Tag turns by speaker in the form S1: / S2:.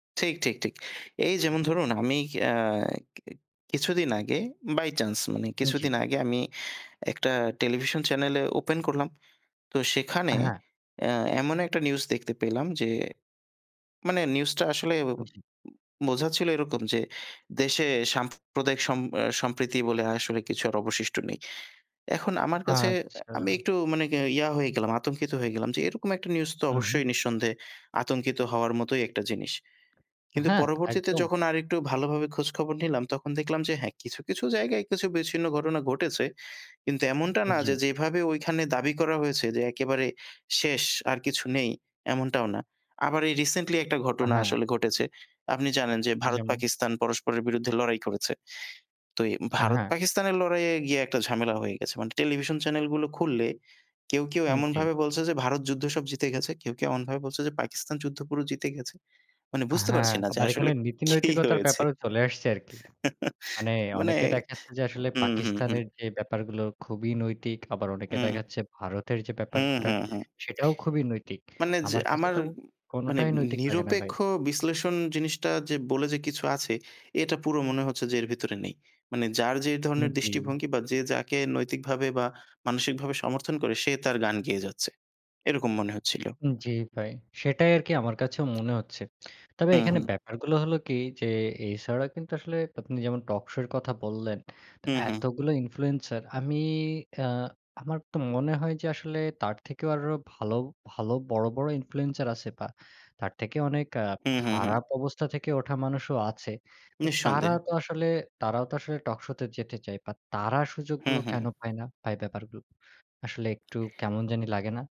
S1: ঠিক, ঠিক, ঠিক। এই যেমন ধরুন আমি আ কি কিছুদিন আগে বাই চান্স মানে
S2: উ জি।
S1: কিছুদিন আগে আমি একটা টেলিভিশন চ্যানেলে ওপেন করলাম। তো
S2: আ
S1: সেখানে
S2: হ্যাঁ।
S1: আ এমন একটা নিউজ দেখতে পেলাম যে, মানে নিউজটা আসলে উ
S2: হুম, জি।
S1: বোঝাচ্ছিল এরকম যে, দেশে সাম্প্রদায়িক সম আ সম্প্রীতি বলে আসলে কিছু আর অবশিষ্ট্য নেই। এখন আমার কাছে
S2: আচ্ছা।
S1: আমি একটু মানে ইয়া হয়ে গেলাম আতঙ্কিত হয়ে গেলাম, যে এরকম একটা নিউজ তো
S2: হুম, হুম।
S1: অবশ্যই নিঃসন্দেহে আতঙ্কিত হওয়ার মতোই একটা জিনিস। কিন্তু
S2: হ্যাঁ,
S1: পরবর্তীতে
S2: একদম।
S1: যখন আরেকটু ভালোভাবে খোঁজখবর নিলাম তখন দেখলাম যে, "হ্যাঁ, কিছু, কিছু জায়গায় কিছু বিচ্ছিন্ন ঘটনা ঘটেছে"। কিন্তু এমনটা
S2: উ
S1: না যে
S2: জি।
S1: যেভাবে ঐখানে দাবি করা হয়েছে যে একেবারে শেষ আর কিছু নেই এমনটাও না। আবার এই রিসেন্টলি একটা
S2: আ
S1: ঘটনা
S2: হ্যাঁ।
S1: আসলে ঘটেছে। আপনি জানেন যে
S2: যেমন?
S1: ভারত-পাকিস্তান পরস্পরের বিরুদ্ধে লড়াই করেছে। তো এ
S2: আ হ্যাঁ।
S1: ভারত-পাকিস্তানের লড়াইয়ে গিয়ে একটা ঝামেলা হয়ে গেছে। মানে টেলিভিশন চ্যানেলগুলো খুললে কেউ, কেউ
S2: হুম, জি।
S1: এমনভাবে বলছে যে ভারত যুদ্ধ সব জিতে গেছে। কেউ, কেউ এমনভাবে বলছে যে পাকিস্তান যুদ্ধ পুরো জিতে গেছে। মানে বুঝতে
S2: হ্যাঁ,
S1: পারছি না যে
S2: আবার এখানে
S1: আসলে
S2: নীতি
S1: কি
S2: নৈতিকতার
S1: হয়েছে?
S2: ব্যাপারও চলে আসছে আরকি। মানে
S1: মানে
S2: অনেকে দেখাচ্ছে যে, আসলে
S1: হুম, হুম, হুম।
S2: পাকিস্তানের যে ব্যাপারগুলো খুবই নৈতিক, আবার অনেকে
S1: হুম।
S2: দেখাচ্ছে ভারতের যে
S1: হু,
S2: ব্যাপারটা
S1: হু, হু।
S2: সেটাও খুবই নৈতিক।
S1: মানে যে
S2: আমার কাছে
S1: আমার
S2: তো
S1: মানে
S2: কোনটাই নৈতিক লাগে না ভাই।
S1: নিরপেক্ষ বিশ্লেষণ জিনিসটা যে বলে যে, কিছু আছে এটা পুরো মনে হচ্ছে যে এর ভিতরে নেই। মানে যার যে
S2: উ
S1: ধরনের
S2: জি।
S1: দৃষ্টিভঙ্গি বা যে যাকে নৈতিকভাবে বা মানসিকভাবে সমর্থন করে সে তার গান গেয়ে যাচ্ছে। এরকম মনে হচ্ছিল।
S2: উ জি, ভাই। সেটাই আরকি আমার কাছেও মনে হচ্ছে। তবে
S1: হুম,
S2: এখানে
S1: হুম।
S2: ব্যাপারগুলো হল কি যে এই ছাড়া কিন্তু আসলে আপনি যেমন টকশো এর কথা বললেন, তো
S1: হু, হু।
S2: এতগুলো ইনফ্লুয়েন্সার আমি আ আমার তো মনে হয় যে, আসলে তার থেকেও আরো ভাল, ভাল বড়, বড় ইনফ্লুয়েন্সার আছে বা তার থেকে অনেক আ
S1: হু, হু, হু।
S2: খারাপ অবস্থা থেকে ওঠা মানুষও আছে। তো তারা
S1: নিঃসন্দেহে।
S2: তো আসলে তারাও তো আসলে টকশোতে যেতে চায় বা তারা
S1: হু,
S2: সুযোগগুলো কেনো
S1: হু।
S2: পায় না? তাই ব্যাপারগুলো আসলে একটু কেমন জানি লাগে না?